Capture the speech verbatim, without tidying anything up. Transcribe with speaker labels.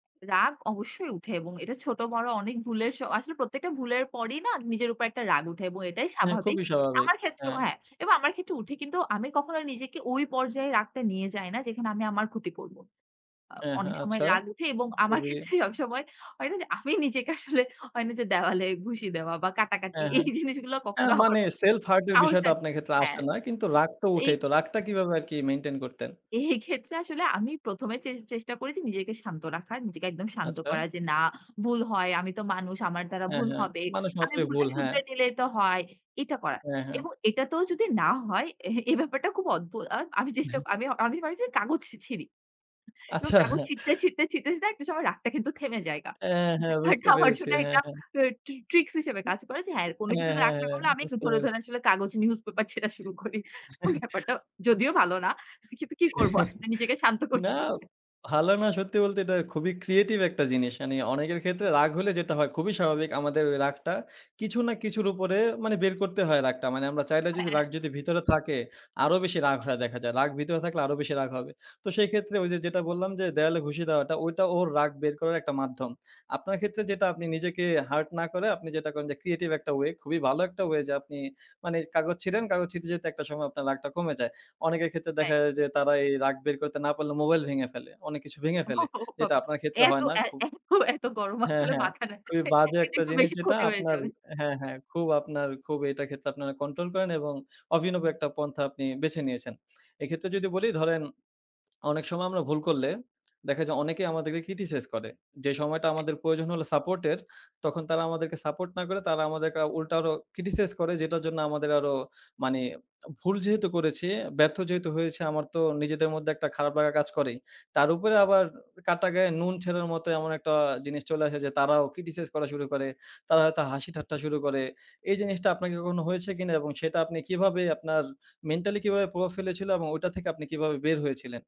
Speaker 1: রাগ অবশ্যই উঠে এবং এটা ছোট বড় অনেক ভুলের স আসলে প্রত্যেকটা ভুলের পরেই না নিজের উপর একটা রাগ উঠে এবং এটাই
Speaker 2: হ্যাঁ,
Speaker 1: স্বাভাবিক।
Speaker 2: খুবই স্বাভাবিক।
Speaker 1: আমার ক্ষেত্রেও
Speaker 2: হ্যাঁ।
Speaker 1: হ্যাঁ, এবং আমার ক্ষেত্রেও উঠে কিন্তু আমি কখনো নিজেকে ওই পর্যায়ে রাগটা নিয়ে যাই না যেখানে আমি আমার ক্ষতি করব। আ
Speaker 2: এ
Speaker 1: অনেক
Speaker 2: হ্যাঁ,
Speaker 1: সময়
Speaker 2: আচ্ছা,
Speaker 1: রাগ উঠে এবং আমার
Speaker 2: কবি
Speaker 1: ক্ষেত্রে সবসময় হয় না যে, আমি নিজেকে আসলে হয় না যে, দেওয়ালে ঘুষি দেওয়া বা কাটাকাটি
Speaker 2: হ্যাঁ,
Speaker 1: এই
Speaker 2: হ্যাঁ।
Speaker 1: জিনিসগুলো কখনো
Speaker 2: অ্যাঁ
Speaker 1: আমার
Speaker 2: মানি সেলফ হার্ট এর বিষয়টা
Speaker 1: সাহসটা
Speaker 2: আপনার ক্ষেত্রে
Speaker 1: হ্যাঁ
Speaker 2: আসে না কিন্তু রাগ তো
Speaker 1: এই
Speaker 2: উঠেই তো। রাগটা কিভাবে আরকি মেইনটেইন করতেন?
Speaker 1: এই ক্ষেত্রে আসলে আমি প্রথম এ চে চেষ্টা করেছি নিজেকে শান্ত রাখার, নিজেকে একদম শান্ত
Speaker 2: আচ্ছা।
Speaker 1: করা যে, না ভুল হয়। আমি তো মানুষ, আমার দ্বারা
Speaker 2: হ্যাঁ,
Speaker 1: ভুল
Speaker 2: হ্যাঁ,
Speaker 1: হবে।
Speaker 2: মানুষ
Speaker 1: আমি
Speaker 2: মাত্রই
Speaker 1: ভুলটা
Speaker 2: ভুল, হ্যাঁ।
Speaker 1: শুধরে নিলেই তো হয়। এটা করা
Speaker 2: হ্যাঁ, হ্যাঁ।
Speaker 1: এবং এটা তোও যদি না হয়, এ এই ব্যাপারটা খুব অদ্ভুত। ও আমি চেষ্টা আমি আমি ভাবি যে কাগজ ছিঁড়ি এবং
Speaker 2: আচ্ছা।
Speaker 1: কাগজ ছিঁড়তে, ছিঁড়তে, ছিঁড়তে একটা সময় রাগটা কিন্তু থেমে জায়গা।
Speaker 2: অ্যাঁ হ্যাঁ,
Speaker 1: ব্যাপারটা
Speaker 2: বুঝতে
Speaker 1: আমার
Speaker 2: পেরেছি
Speaker 1: জন্য
Speaker 2: হ্যাঁ,
Speaker 1: একটা
Speaker 2: হ্যাঁ।
Speaker 1: ট্রি ট্রিক্স হিসেবে
Speaker 2: উ
Speaker 1: কাজ করে যে, হ্যাঁ, কোনো
Speaker 2: হ্যাঁ,
Speaker 1: কিছুতে
Speaker 2: হ্যাঁ,
Speaker 1: রাগ না
Speaker 2: হ্যাঁ,
Speaker 1: করলে আমি
Speaker 2: বুঝতে
Speaker 1: ধরে, ধরে
Speaker 2: পেরেছি।
Speaker 1: আসলে কাগজ নিউজ পেপার ছেঁড়া শুরু করি। ব্যাপারটা যদিও ভালো না। কিন্তু কি করব আসলে নিজেকে শান্ত করতে
Speaker 2: না,
Speaker 1: বলছে
Speaker 2: ভালো না, সত্যি বলতে এটা খুবই ক্রিয়েটিভ একটা জিনিস। মানি অনেকের ক্ষেত্রে রাগ হলে যেটা হয় খুবই স্বাভাবিক আমাদের রাগটা কিছু না কিছুর উপরে মানি বের করতে হয় রাগটা। মানি আমরা চাইলে যদি
Speaker 1: হ্যাঁ।
Speaker 2: রাগ যদি ভিতরে থাকে আরো বেশি রাগ হয়ে দেখা যায়। রাগ ভিতরে থাকলে আরো বেশি রাগ হবে। তো সেই ক্ষেত্রে ওইযে, যেটা বললাম যে, দেওয়ালে খুশি দেওয়াটা ওইটা ওর রাগ বের করার একটা মাধ্যম। আপনার ক্ষেত্রে যেটা আপনি নিজেকে হার্ট না করে আপনি যেটা করেন যে, ক্রিয়েটিভ একটা ওয়ে খুবই ভালো একটা ওয়ে যে, আপনি মানি কাগজ ছিঁড়েন কাগজ ছিঁড়তে, ছিঁড়তে যেতে একটা সময় আপনার রাগটা কমে যায়। অনেকের ক্ষেত্রে দেখা
Speaker 1: [unintelligible]
Speaker 2: যায় যে, তারা এই রাগ বের করতে না পারলে মোবাইল ভেঙে ফেলে। অনেক কিছু ভেঙে
Speaker 1: ও
Speaker 2: ফেলে। যেটা
Speaker 1: বাবা!
Speaker 2: আপনার ক্ষেত্রে
Speaker 1: এত,
Speaker 2: হয় না
Speaker 1: এত,
Speaker 2: খুব
Speaker 1: এত গরম
Speaker 2: হ্যাঁ,
Speaker 1: আসলে
Speaker 2: হ্যাঁ,
Speaker 1: মাথা না
Speaker 2: খুবই বাজে
Speaker 1: এটা
Speaker 2: একটা
Speaker 1: একটু
Speaker 2: জিনিস
Speaker 1: বেশি
Speaker 2: যেটা
Speaker 1: ক্ষতি হয়ে
Speaker 2: আপনার
Speaker 1: যাবে।
Speaker 2: হ্যাঁ, হ্যাঁ, খুব আপনার খুব এটার ক্ষেত্রে আপনারা কন্ট্রোল করেন এবং অভিনব একটা পন্থা আপনি বেছে নিয়েছেন। এক্ষেত্রে যদি বলি ধরেন অনেক সময় আমরা ভুল করলে দেখা যায় অনেকেই আমাদেরকে ক্রিটিসাইজ করে। যে সময়টা আমাদের প্রয়োজন হল সাপোর্ট এর তখন তারা আমাদেরকে সাপোর্ট না করে তারা আমাদেরকে উল্টা আরো ক্রিটিসাইজ করে যেটার জন্য আমাদের আরো মানি ভুল যেহেতু করেছি ব্যর্থ যেহেতু হয়েছে আমার তো নিজেদের মধ্যে একটা খারাপ লাগা কাজ করেই। তার উপরে আবার কাটা গায়ে নুন ছেনের মতো এমন একটা জিনিস চলে আসে যে, তারাও ক্রিটিসাইজ করা শুরু করে। তারা হয়তো হাসি ঠাট্টা শুরু করে। এই জিনিসটা আপনাকে কখনো হয়েছে কিনা এবং সেটা আপনি কিভাবে আপনার মেন্টালি কিভাবে প্রভাব ফেলেছিল? এবং ওইটা থেকে আপনি কিভাবে বের হয়েছিলেন?